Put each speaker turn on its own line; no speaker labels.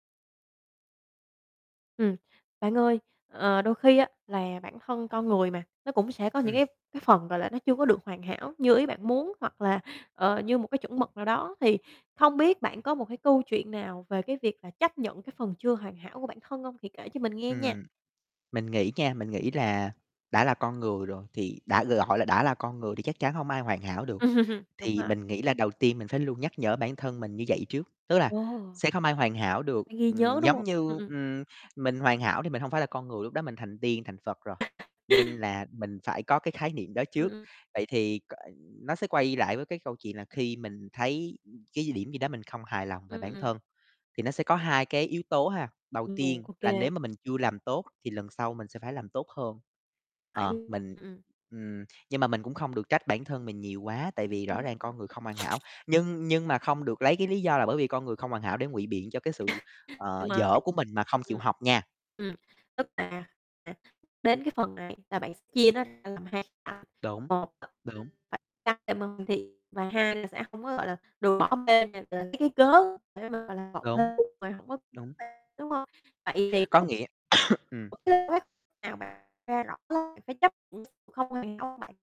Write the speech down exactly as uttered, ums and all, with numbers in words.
Ừm, bạn ơi, ờ, đôi khi á, là bản thân con người mà nó cũng sẽ có những
Ừm.
cái cái phần, gọi là, nó chưa có được hoàn hảo như ý bạn muốn hoặc là, ờ, như một cái chuẩn mực nào đó thì không biết bạn có một cái câu chuyện nào về cái việc là chấp nhận cái phần chưa hoàn hảo của bản thân hông? Thì kể cho mình nghe nha.
Ừm, mình nghĩ nha, mình nghĩ là đã là con người rồi thì đã gọi là đã là con người thì chắc chắn hông ai hoàn hảo được,
Đúng
thì
rồi.
mình nghĩ là đầu tiên mình phải luôn nhắc nhở bản thân mình như vậy trước, tức là
Ồ!
sẽ không ai hoàn hảo được,
Phải ghi nhớ,
ừm,
đúng
giống
không? Ừm,
như,
ừm.
ừm, mình hoàn hảo thì mình hông phải là con người, lúc đó mình thành tiên thành Phật rồi, nên là mình phải có cái khái niệm đó
Ừm,
trước.
ừm.
Vậy thì c nó sẽ quay lại với cái câu chuyện là khi mình thấy cái điểm gì đó mình không hài lòng về bản
[unintelligible]
thân thì nó sẽ có hai cái yếu tố ha. Đầu
Ừm,
tiên
ô
là
kê.
nếu mà mình chưa làm tốt thì lần sau mình sẽ phải làm tốt hơn,
Phải.
ờ,
[unintelligible]
mình
Ừm, ừm.
ừm, nhưng mà mình cũng không được trách bản thân mình nhiều quá tại vì rõ ràng con người không hoàn hảo,
[unintelligible]
nhưng nhưng mà không được lấy cái lý do là bởi vì con người không hoàn hảo để ngụy biện cho cái sự,
Đúng
ờ,
rồi.
dở của mình mà không chịu
Ừm.
học nha.
Ừm, tức là, à, đến cái phần này là bạn sẽ chia nó ra làm hai tạp [unintelligible]
Đúng,
một
đúng.
[unintelligible] phải cắt thêm âm thì và hai là sẽ hông có, gọi là, được bỏ bê này c lấy cái cớ để mà, gọi là, vọng
Đúng.
[unintelligible] rồi hổng có
Đúng.
đúng hông? Vậy thì
Có
lúc
nghĩa ừm.
[unintelligible] Nào mà nghe rõ là phải chấp nhận không hoàn hảo hông bạn?